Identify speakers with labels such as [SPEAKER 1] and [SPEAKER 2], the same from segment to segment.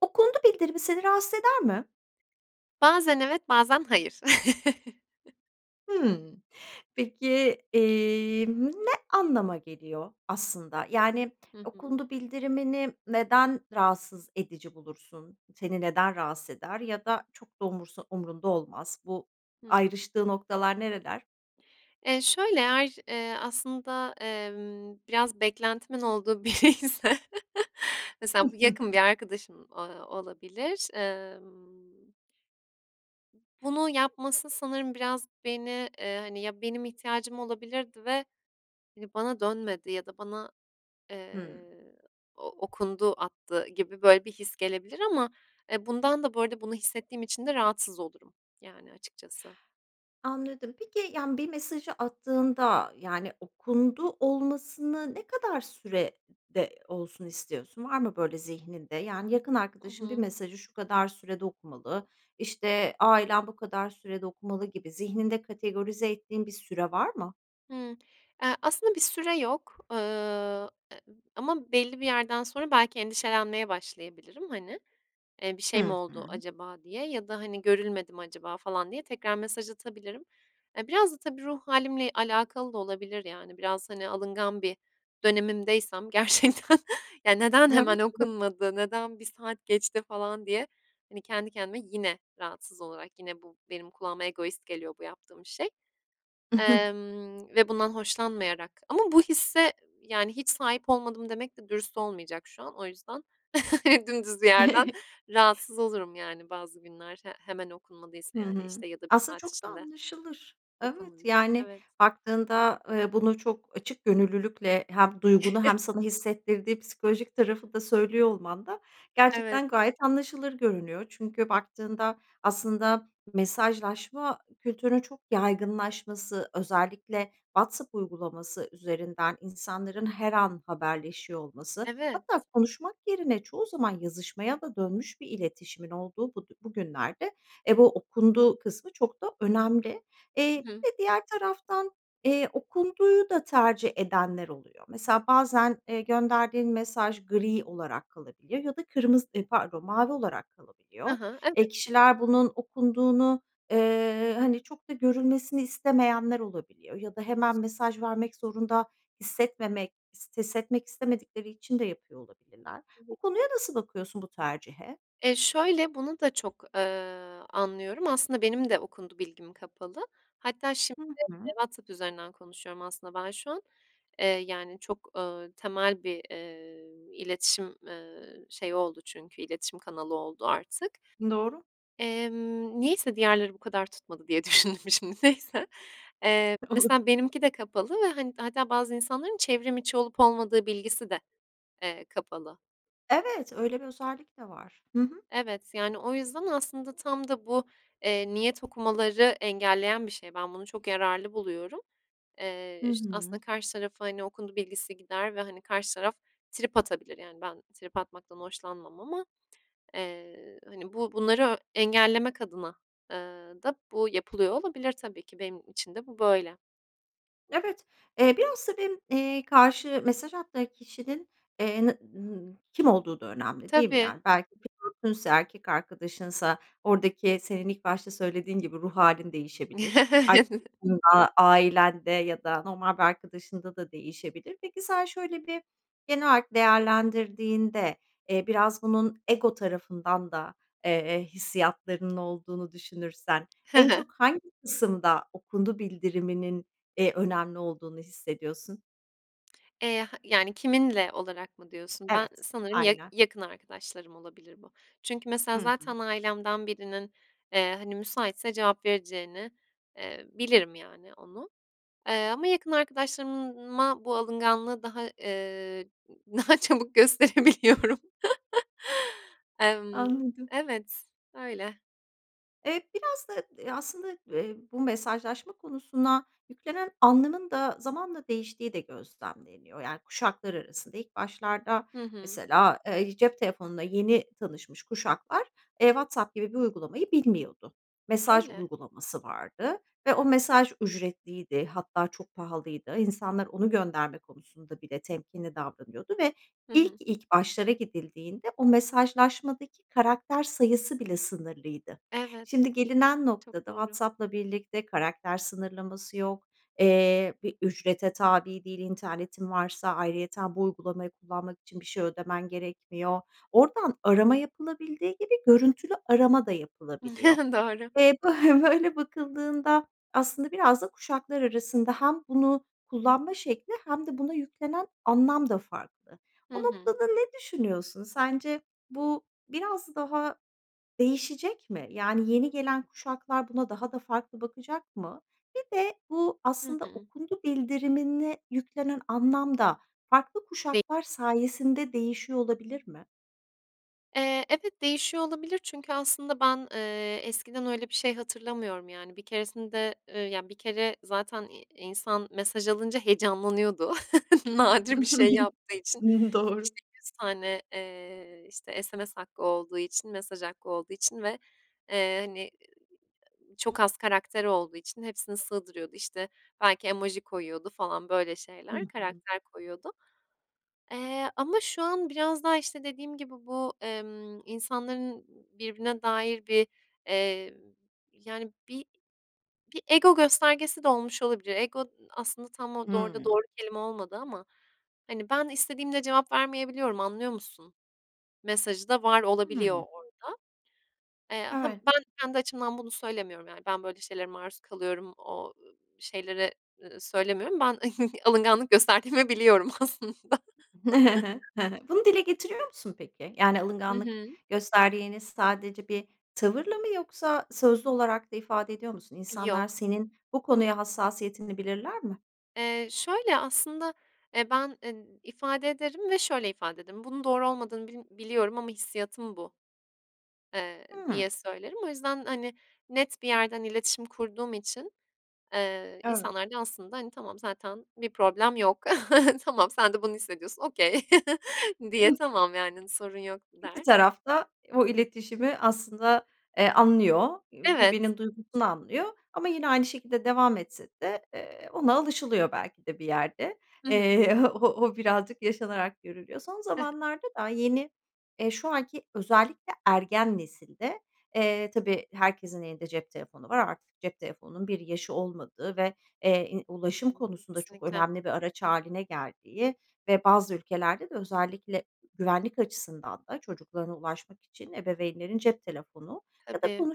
[SPEAKER 1] Okundu bildirimi seni rahatsız eder mi?
[SPEAKER 2] Bazen evet, bazen hayır.
[SPEAKER 1] Hımm. Peki, emm, ne anlama geliyor aslında, yani,
[SPEAKER 2] Hı hı.
[SPEAKER 1] okundu bildirimini neden rahatsız edici bulursun? Seni neden rahatsız eder ya da çok da umursa umurunda olmaz? Bu
[SPEAKER 2] Hı hı.
[SPEAKER 1] ayrıştığı noktalar nereler?
[SPEAKER 2] Eee, şöyle eğer, eee, aslında, emm, biraz beklentimin olduğu biriyse mesela, bu yakın bir arkadaşım, ııı, olabilir. Emm Bunu yapması sanırım biraz beni, eee, hani, ya benim ihtiyacım olabilirdi ve, hani, bana dönmedi ya da bana,
[SPEAKER 1] Hımm.
[SPEAKER 2] eee, o okundu attı gibi böyle bir his gelebilir ama, eee, bundan da bu arada bunu hissettiğim için de rahatsız olurum, yani, açıkçası.
[SPEAKER 1] Anladım. Peki, yani, bir mesajı attığında, yani, okundu olmasını ne kadar sürede olsun istiyorsun? Var mı böyle zihninde? Yani, yakın
[SPEAKER 2] Hı
[SPEAKER 1] arkadaşın bir
[SPEAKER 2] hı.
[SPEAKER 1] mesajı şu kadar sürede okumalı, işte, ailen bu kadar sürede okumalı gibi zihninde kategorize ettiğin bir süre var mı?
[SPEAKER 2] Hıı. Eee, aslında bir süre yok, ııı, e ama belli bir yerden sonra belki endişelenmeye başlayabilirim. Hani, eee, bir şey mi
[SPEAKER 1] Hı
[SPEAKER 2] oldu
[SPEAKER 1] hı.
[SPEAKER 2] acaba? diye. Ya da, hani, görülmedi mi acaba? falan diye, tekrar mesaj atabilirim. E, biraz da tabii ruh hâlimle alakalı da olabilir, yani, biraz, hani, alıngan bir dönemimdeysem gerçekten ya, neden hemen
[SPEAKER 1] [unintelligible]
[SPEAKER 2] okunmadı, neden 1 saat geçti falan diye, hani, kendi kendime yine rahatsız olarak, yine bu benim kulağıma egoist geliyor bu yaptığım şey, emm, ve bundan hoşlanmayarak ama bu hisse, yani, hiç sahip olmadım demek de dürüst olmayacak şu an. O yüzden dümdüz bir yerden rahatsız olurum, yani, bazı günler he hemen okunmadıysa,
[SPEAKER 1] Hı
[SPEAKER 2] yani,
[SPEAKER 1] hı.
[SPEAKER 2] işte, ya da 1
[SPEAKER 1] Aslında
[SPEAKER 2] saat
[SPEAKER 1] çok da
[SPEAKER 2] içinde
[SPEAKER 1] anlaşılır. Evet,
[SPEAKER 2] okunmadıy
[SPEAKER 1] yani,
[SPEAKER 2] Evet.
[SPEAKER 1] baktığında, eee, bunu çok açık gönüllülükle hem duygunu hem sana hissettirdiği psikolojik tarafı da söylüyor olman da
[SPEAKER 2] Evet.
[SPEAKER 1] gerçekten gayet anlaşılır görünüyor. Çünkü baktığında aslında mesajlaşma kültürünün çok yaygınlaşması, özellikle WhatsApp uygulaması üzerinden insanların her an haberleşiyor olması,
[SPEAKER 2] Evet.
[SPEAKER 1] hatta konuşmak yerine çoğu zaman yazışmaya da dönmüş bir iletişimin olduğu bud bugünlerde, e, bu okunduğu kısmı çok da önemli. Eee,
[SPEAKER 2] Hı hı.
[SPEAKER 1] bir de diğer taraftan, eee, okunduğu da tercih edenler oluyor. Mesela, bazen, eee, gönderdiğin mesaj gri olarak kalabiliyor ya da kırmızı, ııı, pardon mavi olarak
[SPEAKER 2] Hı
[SPEAKER 1] kalabiliyor.
[SPEAKER 2] hı, evet.
[SPEAKER 1] E, kişiler bunun okunduğunu, eee, hani, çok da görülmesini istemeyenler olabiliyor ya da hemen mesaj vermek zorunda hissetmemek, ist hissetmek istemedikleri için de yapıyor olabilirler.
[SPEAKER 2] Hı hı.
[SPEAKER 1] Bu konuya nasıl bakıyorsun, bu tercihe?
[SPEAKER 2] Eee, şöyle bunu da çok, eee, anlıyorum. Aslında benim de okundu bilgim kapalı. Hatta şimdi,
[SPEAKER 1] Hı
[SPEAKER 2] eee,
[SPEAKER 1] hı.
[SPEAKER 2] WhatsApp üzerinden konuşuyorum aslında ben şu an. Eee, yani, çok, ııı, temel bir, eee, iletişim, eee, şeyi oldu çünkü iletişim kanalı oldu artık.
[SPEAKER 1] Doğru.
[SPEAKER 2] Emm, niyeyse diğerleri bu kadar tutmadı diye düşündüm şimdi, neyse. Eee, mesela benimki de kapalı ve, hani, hatta bazı insanların çevrimiçi olup olmadığı bilgisi de, eee, kapalı.
[SPEAKER 1] Evet, öyle bir özellik de var. Hı hı.
[SPEAKER 2] Evet, yani, o yüzden aslında tam da bu, eee, niyet okumaları engelleyen bir şey. Ben bunu çok yararlı buluyorum.
[SPEAKER 1] Hı
[SPEAKER 2] Eee, işte,
[SPEAKER 1] hı.
[SPEAKER 2] aslında karşı tarafa, hani, okundu bilgisi gider ve, hani, karşı taraf trip atabilir, yani, ben trip atmaktan hoşlanmam ama, eee, hani, bu bunları, eee, engellemek adına eee, da bu yapılıyor olabilir tabii ki, benim için de bu böyle.
[SPEAKER 1] Evet, eee, biraz tabii m eee, karşı mesaj attığı kişinin, eee, na n kim olduğu da önemli değil mi,
[SPEAKER 2] Tabii.
[SPEAKER 1] yani? Belki flörtünse, erkek arkadaşınsa oradaki, senin ilk başta söylediğin gibi ruh hâlin değişebilir. Arkadaşında, ailende ya da normal bir arkadaşında da değişebilir. Peki, sen şöyle bir genel olarak değerlendirdiğinde, eee, biraz bunun ego tarafından da, eee, hissiyatlarının olduğunu düşünürsen,
[SPEAKER 2] Hı
[SPEAKER 1] en
[SPEAKER 2] hı.
[SPEAKER 1] çok hangi kısımda, okundu bildiriminin, eee, önemli olduğunu hissediyorsun?
[SPEAKER 2] Eee, ha yani, kiminle olarak mı diyorsun? Ben
[SPEAKER 1] Evet,
[SPEAKER 2] sanırım ya
[SPEAKER 1] aynen.
[SPEAKER 2] yakın arkadaşlarım olabilir bu. Çünkü,
[SPEAKER 1] Hı
[SPEAKER 2] mesela,
[SPEAKER 1] hı.
[SPEAKER 2] zaten ailemden birinin, eee, hani, müsaitse cevap vereceğini, eee, bilirim, yani, onu, eee, ama yakın arkadaşlarımın ma bu alınganlığı daha, eee, ı daha çabuk gösterebiliyorum. Emm,
[SPEAKER 1] Anladım.
[SPEAKER 2] evet, öyle.
[SPEAKER 1] Eee, biraz da, eee, aslında, eee, bu mesajlaşma konusuna yüklenen anlamın da zamanla değiştiği de gözlemleniyor, yani, kuşaklar arasında ilk başlarda,
[SPEAKER 2] Hı hı.
[SPEAKER 1] mesela, eee, i cep telefonuna yeni tanışmış kuşaklar, eee, WhatsApp gibi bir uygulamayı bilmiyordu. Mesaj
[SPEAKER 2] Öyle.
[SPEAKER 1] uygulaması vardı ve o mesaj ücretliydi, hatta çok pahalıydı. İnsanlar onu gönderme konusunda bile temkinli davranıyordu ve
[SPEAKER 2] Hı
[SPEAKER 1] ilk,
[SPEAKER 2] hı.
[SPEAKER 1] ilk başlara gidildiğinde o mesajlaşmadaki karakter sayısı bile sınırlıydı.
[SPEAKER 2] Evet.
[SPEAKER 1] Şimdi gelinen
[SPEAKER 2] Çok
[SPEAKER 1] noktada
[SPEAKER 2] doğru.
[SPEAKER 1] WhatsApp'la birlikte karakter sınırlaması yok, eee, bir ücrete tabi değil internetin varsa, ayrıyeten bu uygulamayı kullanmak için bir şey ödemen gerekmiyor. Oradan arama yapılabildiği gibi görüntülü arama da yapılabiliyor.
[SPEAKER 2] Doğru.
[SPEAKER 1] Eee, bö böyle bakıldığında aslında biraz da kuşaklar arasında hem bunu kullanma şekli hem de buna yüklenen anlam da farklı. O
[SPEAKER 2] Hı hı.
[SPEAKER 1] noktada ne düşünüyorsun, sence bu biraz daha değişecek mi? Yani, yeni gelen kuşaklar buna daha da farklı bakacak mı? Bir de bu,
[SPEAKER 2] Hı
[SPEAKER 1] aslında,
[SPEAKER 2] hı.
[SPEAKER 1] okundu bildirimine yüklenen anlam da farklı
[SPEAKER 2] [unintelligible]
[SPEAKER 1] kuşaklar sayesinde değişiyor olabilir mi?
[SPEAKER 2] Eee, evet değişiyor olabilir. Çünkü aslında ben, eee, eskiden öyle bir şey hatırlamıyorum yani. Bir keresinde eee, ya, bir kere zaten i insan mesaj alınca heyecanlanıyordu nadir bir şey yaptığı için.
[SPEAKER 1] Doğru.
[SPEAKER 2] İşte, 100 tane, eee, işte, SMS hakkı olduğu için, mesaj hakkı olduğu için ve, eee, [unintelligible] hani, çok az karakter olduğu için hepsini sığdırıyordu. İşte, belki emoji koyuyordu falan böyle
[SPEAKER 1] Hı
[SPEAKER 2] şeyler,
[SPEAKER 1] hı.
[SPEAKER 2] karakter koyuyordu. Eee, ama şu an biraz daha, işte, dediğim gibi bu, emm, insanların birbirine dair bir, eee, yani bir bir ego göstergesi de olmuş olabilir. Ego aslında tam orada da
[SPEAKER 1] Hıı.
[SPEAKER 2] doğru kelime olmadı ama. Hani, "Ben istediğimde cevap vermeyebiliyorum anlıyor musun?" mesajı da var olabiliyor
[SPEAKER 1] Hıı.
[SPEAKER 2] orada. Eee, ha,
[SPEAKER 1] Evet.
[SPEAKER 2] ben kendi açımdan bunu söylemiyorum yani ben böyle şeylere maruz kalıyorum, o, ııı, şeylere, eee, söylemiyorum. Ben alınganlık gösterdiğimi biliyorum aslında.
[SPEAKER 1] Hı hı. Bunu dile getiriyor musun peki? Yani
[SPEAKER 2] Hı
[SPEAKER 1] alınganlık
[SPEAKER 2] hı.
[SPEAKER 1] gösterdiğini sadece bir tavırla mı yoksa sözlü olarak da ifade ediyor musun? İnsanlar
[SPEAKER 2] Yok.
[SPEAKER 1] senin bu konuya hassasiyetini bilirler mi?
[SPEAKER 2] Eee, şöyle aslında, eee, ben, eee, ifade ederim ve şöyle ifade ederim; "Bunun doğru olmadığını bilm biliyorum ama hissiyatım bu." eee,
[SPEAKER 1] Hıı.
[SPEAKER 2] diye söylerim. O yüzden, hani, net bir yerden iletişim kurduğum için, eee,
[SPEAKER 1] Evet.
[SPEAKER 2] insanlar da aslında, hani, "Tamam, zaten bir problem yok. Tamam, sen de bunu hissediyorsun, okay." diye,
[SPEAKER 1] Hıh.
[SPEAKER 2] "Tamam, yani, sorun yok."
[SPEAKER 1] İki
[SPEAKER 2] der.
[SPEAKER 1] taraf da o iletişimi aslında, eee, anlıyor, ııı,
[SPEAKER 2] Evet.
[SPEAKER 1] birbirinin duygusunu anlıyor ama yine aynı şekilde devam etse de, eee, ona alışılıyor belki de bir yerde.
[SPEAKER 2] Hı hı.
[SPEAKER 1] Eee, o o birazcık yaşanarak görülüyor. Son zamanlarda da yeni, eee, şu anki özellikle ergen nesilde, eee, tabii, herkesin elinde cep telefonu var, artık cep telefonunun bir yaşı olmadığı ve, eee, i
[SPEAKER 2] Hı
[SPEAKER 1] ulaşım
[SPEAKER 2] hı hı,
[SPEAKER 1] konusunda çok
[SPEAKER 2] kesinlikle.
[SPEAKER 1] önemli bir araç hâline geldiği ve bazı ülkelerde de özellikle güvenlik açısından da çocuklarına ulaşmak için ebeveynlerin cep telefonu ya da
[SPEAKER 2] Tabii.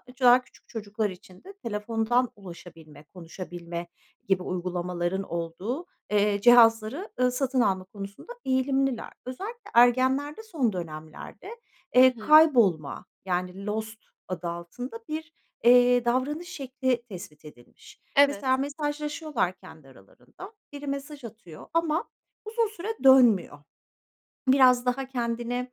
[SPEAKER 1] [unintelligible] küçük çocuklar için de telefondan ulaşabilme, konuşabilme gibi uygulamaların olduğu, eee, cihazları, eee, satın alma konusunda eğilimliler. Özellikle ergenlerde son dönemlerde,
[SPEAKER 2] Hı
[SPEAKER 1] eee,
[SPEAKER 2] hı.
[SPEAKER 1] kaybolma yani lost adı altında bir, eee, davranış şekli tespit edilmiş. Mesela
[SPEAKER 2] Evet.
[SPEAKER 1] mesajlaşıyorlar kendi aralarında, biri mesaj atıyor ama uzun süre dönmüyor. Biraz daha kendini,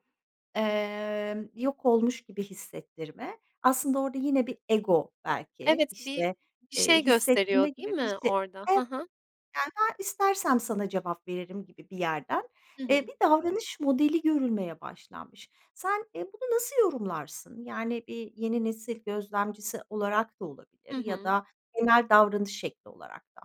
[SPEAKER 1] eee, yok olmuş gibi hissettirme, aslında orada yine bir ego belki,
[SPEAKER 2] Evet, bir
[SPEAKER 1] işte,
[SPEAKER 2] bir
[SPEAKER 1] eee,
[SPEAKER 2] şey
[SPEAKER 1] hissettirme
[SPEAKER 2] gösteriyor, değil
[SPEAKER 1] gibi bir
[SPEAKER 2] mi
[SPEAKER 1] şey. Evet.
[SPEAKER 2] orada? Hı hı.
[SPEAKER 1] Yani, "Ben istersem sana cevap veririm." gibi bir yerden,
[SPEAKER 2] Hı
[SPEAKER 1] eee,
[SPEAKER 2] hı.
[SPEAKER 1] bir davranış modeli görülmeye başlanmış. Sen, eee, bunu nasıl yorumlarsın? Yani bir yeni nesil gözlemcisi olarak da olabilir
[SPEAKER 2] Hı
[SPEAKER 1] ya
[SPEAKER 2] hı.
[SPEAKER 1] da genel davranış şekli olarak da.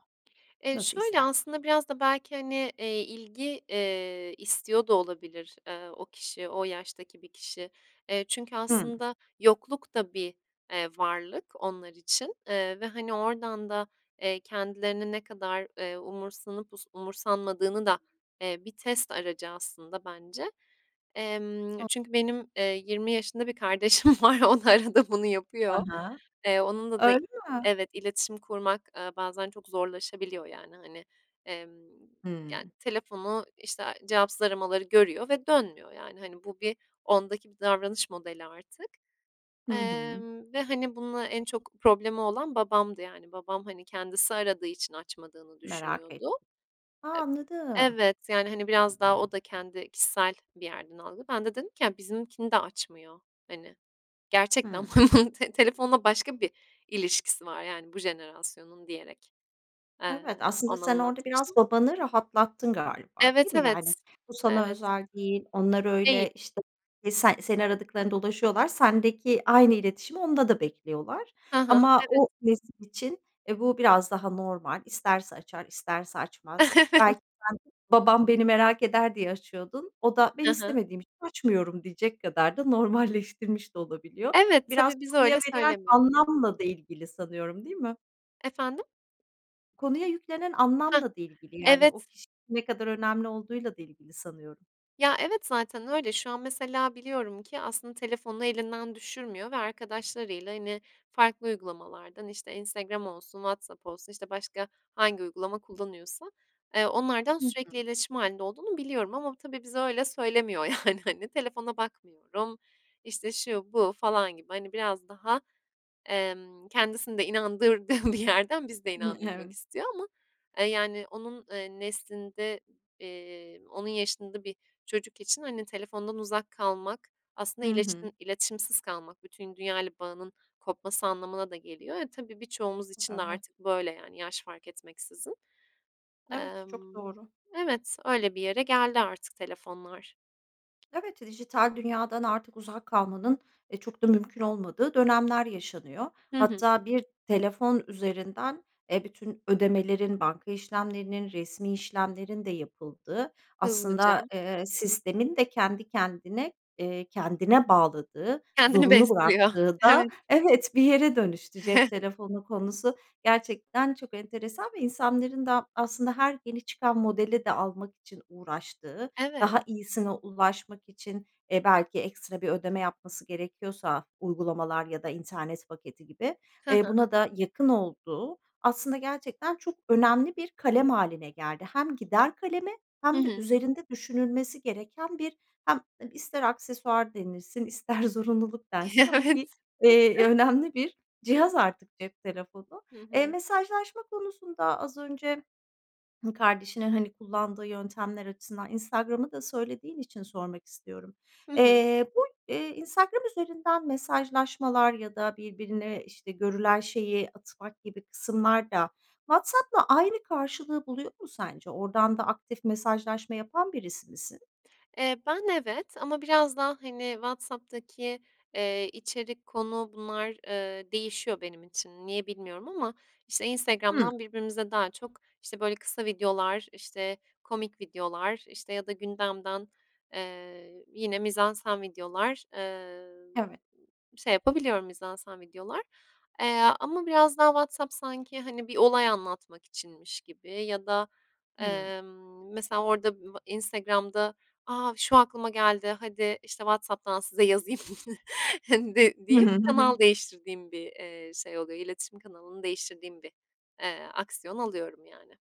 [SPEAKER 2] Eee,
[SPEAKER 1] Nasıl
[SPEAKER 2] şöyle
[SPEAKER 1] istersen.
[SPEAKER 2] aslında; biraz da belki, hani, eee, ilgi, eee, istiyor da olabilir, eee, o kişi, o yaştaki bir kişi. Eee, çünkü
[SPEAKER 1] Hıı.
[SPEAKER 2] aslında yokluk da bir, eee, varlık onlar için, eee, ve, hani, oradan da, eee, kendilerini ne kadar, eee, umursanıp us umursanmadığını da, eee, bir test aracı aslında bence. Emm, çünkü
[SPEAKER 1] [unintelligible]
[SPEAKER 2] benim, eee, 20 yaşında bir kardeşim var, o da arada bunu
[SPEAKER 1] Hı
[SPEAKER 2] yapıyor.
[SPEAKER 1] hı.
[SPEAKER 2] Eee, onunla da
[SPEAKER 1] Öyle mi?
[SPEAKER 2] evet, iletişim kurmak, eee, bazen çok zorlaşabiliyor yani, hani, emm, yani
[SPEAKER 1] Hıı.
[SPEAKER 2] telefonu, işte, cevapsız aramaları görüyor ve dönmüyor yani, hani, bu bir ondaki bir davranış modeli artık.
[SPEAKER 1] Hı hı.
[SPEAKER 2] Emm, ve, hani, bununla en çok problemi olan babamdı yani babam, hani, kendisi aradığı için açmadığını
[SPEAKER 1] Merak
[SPEAKER 2] düşünüyordu.
[SPEAKER 1] etti. A,
[SPEAKER 2] Eb
[SPEAKER 1] anladım.
[SPEAKER 2] Evet, yani, hani, biraz daha o da kendi kişisel bir yerden aldı. Ben de dedim ki "Bizimkini de açmıyor." hani. Gerçekten
[SPEAKER 1] Hıı.
[SPEAKER 2] te telefonla başka bir ilişkisi var yani bu jenerasyonun diyerek, eee,
[SPEAKER 1] Evet, aslında
[SPEAKER 2] ona
[SPEAKER 1] sen orada biraz
[SPEAKER 2] anlatmıştım.
[SPEAKER 1] babanı rahatlattın galiba, değil
[SPEAKER 2] Evet,
[SPEAKER 1] mi
[SPEAKER 2] evet.
[SPEAKER 1] yani? Bu sana
[SPEAKER 2] Evet.
[SPEAKER 1] özel değil, onlar
[SPEAKER 2] Değil.
[SPEAKER 1] öyle, işte, se seni aradıklarında ulaşıyorlar, sendeki aynı iletişimi onda da bekliyorlar
[SPEAKER 2] Hı hı,
[SPEAKER 1] ama
[SPEAKER 2] evet.
[SPEAKER 1] o nesil için, eee, bu biraz daha normal. İsterse açar, isterse açmaz. Belki sen, "Babam beni merak eder." diye açıyordun, o da "Ben
[SPEAKER 2] Hı hı.
[SPEAKER 1] istemediğim için açmıyorum." diyecek kadar da normalleştirmiş de olabiliyor.
[SPEAKER 2] Evet,
[SPEAKER 1] Biraz
[SPEAKER 2] tabii bize
[SPEAKER 1] konuya
[SPEAKER 2] öyle
[SPEAKER 1] verilen
[SPEAKER 2] söylemiyor.
[SPEAKER 1] anlamla da ilgili sanıyorum, değil mi?
[SPEAKER 2] Efendim?
[SPEAKER 1] Konuya yüklenen
[SPEAKER 2] Hah,
[SPEAKER 1] anlamla da ilgili yani, o
[SPEAKER 2] evet.
[SPEAKER 1] kişinin ne kadar önemli olduğuyla da ilgili sanıyorum.
[SPEAKER 2] Ya, evet, zaten öyle. Şu an, mesela, biliyorum ki aslında telefonu elinden düşürmüyor ve arkadaşlarıyla, hani, farklı uygulamalardan, işte, Instagram olsun, WhatsApp olsun, işte, başka hangi uygulama kullanıyorsa, eee, onlardan
[SPEAKER 1] Hı hı.
[SPEAKER 2] sürekli iletişim hâlinde olduğunu biliyorum ama tabii bize öyle söylemiyor. Yani, hani, “Telefona bakmıyorum.” işte, şu bu falan gibi, hani, biraz daha, emm, kendisini de inandırdığı bir yerden bizi de
[SPEAKER 1] Hıı.
[SPEAKER 2] inandırmak
[SPEAKER 1] Evet.
[SPEAKER 2] istiyor ama, eee, yani, onun, eee, neslinde, eee, onun yaşında bir çocuk için, hani, telefondan uzak kalmak, aslında
[SPEAKER 1] Hı hı.
[SPEAKER 2] iletişim iletişimsiz kalmak, bütün dünyayla bağının kopması anlamına da geliyor. Eee, tabii, birçoğumuz için de
[SPEAKER 1] Evet.
[SPEAKER 2] artık böyle, yani, yaş fark etmeksizin.
[SPEAKER 1] Evet. Çok
[SPEAKER 2] Emm,
[SPEAKER 1] doğru.
[SPEAKER 2] evet, öyle bir yere geldi artık telefonlar.
[SPEAKER 1] Evet, dijital dünyadan artık uzak kalmanın, eee, çok da mümkün olmadığı dönemler yaşanıyor.
[SPEAKER 2] Hı hı.
[SPEAKER 1] Hatta bir telefon üzerinden, eee, bütün ödemelerin, banka işlemlerinin, resmî işlemlerin de yapıldığı, aslında,
[SPEAKER 2] Hızlıca.
[SPEAKER 1] eee, sistemin de kendi kendine, eee, kendine bağladığı,
[SPEAKER 2] Kendini
[SPEAKER 1] zorunlu
[SPEAKER 2] besliyor,
[SPEAKER 1] bıraktığı da,
[SPEAKER 2] evet.
[SPEAKER 1] evet, bir yere dönüştü. Cep telefonu konusu, gerçekten çok enteresan ve insanların da, aslında, her yeni çıkan modeli de almak için uğraştığı,
[SPEAKER 2] Evet.
[SPEAKER 1] daha iyisine ulaşmak için, eee, belki ekstra bir ödeme yapması gerekiyorsa, uygulamalar ya da internet paketi gibi,
[SPEAKER 2] Hı
[SPEAKER 1] eee,
[SPEAKER 2] hı.
[SPEAKER 1] buna da yakın olduğu, aslında, gerçekten çok önemli bir kalem hâline geldi. Hem gider kalemi
[SPEAKER 2] Hı
[SPEAKER 1] hem de
[SPEAKER 2] hı.
[SPEAKER 1] üzerinde düşünülmesi gereken bir, hem ister aksesuar denilsin, ister zorunluluk densin ama
[SPEAKER 2] Evet.
[SPEAKER 1] bir, eee, önemli bir cihaz artık cep telefonu.
[SPEAKER 2] Hı
[SPEAKER 1] Eee,
[SPEAKER 2] hı.
[SPEAKER 1] mesajlaşma konusunda, az önce kardeşinin, hani, kullandığı yöntemler açısından Instagram’ı da söylediğin için sormak istiyorum.
[SPEAKER 2] Hı hı.
[SPEAKER 1] Eee, bu, eee, Instagram üzerinden mesajlaşmalar ya da birbirine, işte, görülen şeyi atmak gibi kısımlar da WhatsApp’la aynı karşılığı buluyor mu sence? Oradan da aktif mesajlaşma yapan birisi misin?
[SPEAKER 2] Eee, ben, evet ama biraz daha, hani, WhatsApp’taki, eee, içerik, konu, bunlar, eee, değişiyor benim için. Niye bilmiyorum ama işte,
[SPEAKER 1] Hıı.
[SPEAKER 2] Instagram’dan birbirimize daha çok, işte, böyle kısa videolar, işte, komik videolar, işte, ya da gündemden, eee, yine mizansen videolar, eee,
[SPEAKER 1] Evet.
[SPEAKER 2] şey yapabiliyorum, mizansen videolar. Eee, ama biraz daha WhatsApp sanki, hani, bir olay anlatmak içinmiş gibi ya da,
[SPEAKER 1] Hıı.
[SPEAKER 2] emm, mesela, orada b Instagram’da, aaa, “Şu aklıma geldi, hadi, işte, WhatsApp’tan size yazayım.” de
[SPEAKER 1] Hı hı,
[SPEAKER 2] deyip
[SPEAKER 1] hı hı.
[SPEAKER 2] kanal değiştirdiğim bir, eee, şey oluyor, iletişim kanalını değiştirdiğim bir, eee, aksiyon alıyorum, yani.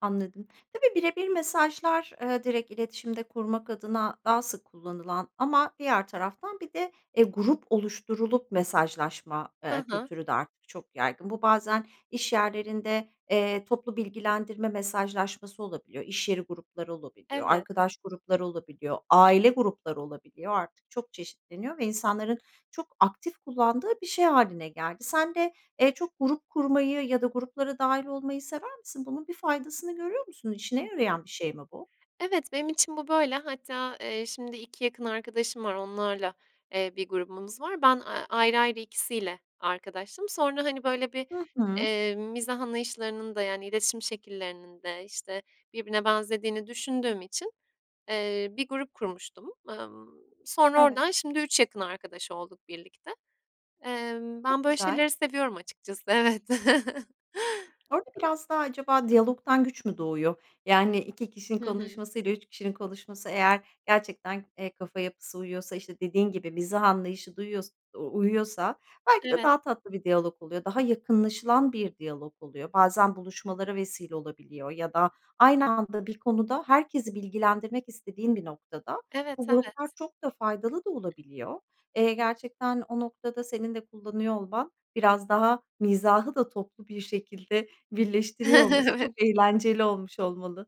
[SPEAKER 1] Anladım. Tabii bire bir mesajlar, eee, direkt iletişimde kurmak adına daha sık kullanılan ama diğer taraftan bir de, eee, grup oluşturulup mesajlaşma,
[SPEAKER 2] He
[SPEAKER 1] eee,
[SPEAKER 2] he.
[SPEAKER 1] kültürü de artık çok yaygın. Bu bazen, iş yerlerinde, eee, toplu bilgilendirme mesajlaşması olabiliyor. İş yeri grupları olabiliyor.
[SPEAKER 2] Evet.
[SPEAKER 1] Arkadaş grupları olabiliyor. Aile grupları olabiliyor. Artık çok çeşitleniyor ve insanların çok aktif kullandığı bir şey haline geldi. Sen de, eee, çok grup kurmayı ya da gruplara dâhil olmayı sever misin? Bunun bir faydasını görüyor musun?
[SPEAKER 2] Hı
[SPEAKER 1] İşine
[SPEAKER 2] hı.
[SPEAKER 1] yarayan bir şey mi bu?
[SPEAKER 2] Evet benim için bu böyle. Hatta, eee, şimdi 2 yakın arkadaşım var onlarla, eee, bir grubumuz var. Ben, aaa, ayrı ayrı ikisiyle arkadaştım. Sonra, hani, böyle, bir
[SPEAKER 1] Hı hı.
[SPEAKER 2] eee, mizah anlayışlarının da yani iletişim şekillerinin de, işte, birbirine benzediğini düşündüğüm için, eee, bir grup kurmuştum. Emm, sonra
[SPEAKER 1] Evet.
[SPEAKER 2] oradan şimdi 3 yakın arkadaş olduk birlikte. Eee, ben
[SPEAKER 1] Çok
[SPEAKER 2] böyle
[SPEAKER 1] güzel.
[SPEAKER 2] şeyleri seviyorum açıkçası evet.
[SPEAKER 1] Orada biraz daha acaba diyalogdan güç mü doğuyor? Yani 2 kişinin
[SPEAKER 2] Hı hı.
[SPEAKER 1] konuşmasıyla 3 kişinin konuşması eğer gerçekten, eee, kafa yapısı uyuyorsa, işte, dediğin gibi mizah anlayışı da uyuyors u uyuyorsa belki de
[SPEAKER 2] Evet.
[SPEAKER 1] daha tatlı bir diyalog oluyor, daha yakınlaşılan bir diyalog oluyor. Bazen buluşmalara vesile olabiliyor ya da aynı anda bir konuda, herkesi bilgilendirmek istediğin bir noktada
[SPEAKER 2] Evet
[SPEAKER 1] bu gruplar
[SPEAKER 2] evet.
[SPEAKER 1] çok da faydalı da olabiliyor. Eee, gerçekten o noktada senin de kullanıyor olman, biraz daha mizahı da toplu bir şekilde birleştiriyor olması çok
[SPEAKER 2] Evet.
[SPEAKER 1] eğlenceli olmuş olmalı.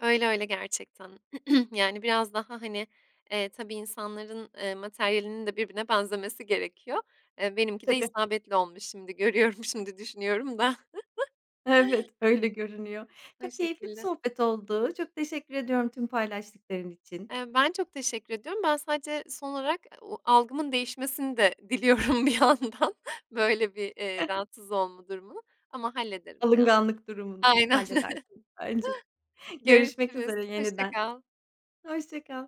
[SPEAKER 2] Öyle öyle gerçekten. Yani, biraz daha, hani, eee, tabii insanların, eee, materyalinin de birbirine benzemesi gerekiyor. Eee, benimki de
[SPEAKER 1] Tabii.
[SPEAKER 2] isabetli olmuş şimdi görüyorum, şimdi düşünüyorum da.
[SPEAKER 1] Evet, öyle görünüyor.
[SPEAKER 2] O
[SPEAKER 1] Çok keyifli bir
[SPEAKER 2] şekilde.
[SPEAKER 1] sohbet oldu, çok teşekkür ediyorum tüm paylaştıkların için.
[SPEAKER 2] Eee, ben çok teşekkür ediyorum. Ben sadece son olarak a o algımın değişmesini de diliyorum bir yandan. Böyle, bir, eee, rahatsız olma durumunu ama hallederim ya.
[SPEAKER 1] Alınganlık durumunu
[SPEAKER 2] Aynen.
[SPEAKER 1] halledersiniz bence. Görüşmek
[SPEAKER 2] Görüşürüz.
[SPEAKER 1] üzere
[SPEAKER 2] Hoşça
[SPEAKER 1] yeniden.
[SPEAKER 2] kal.
[SPEAKER 1] Hoşça kal.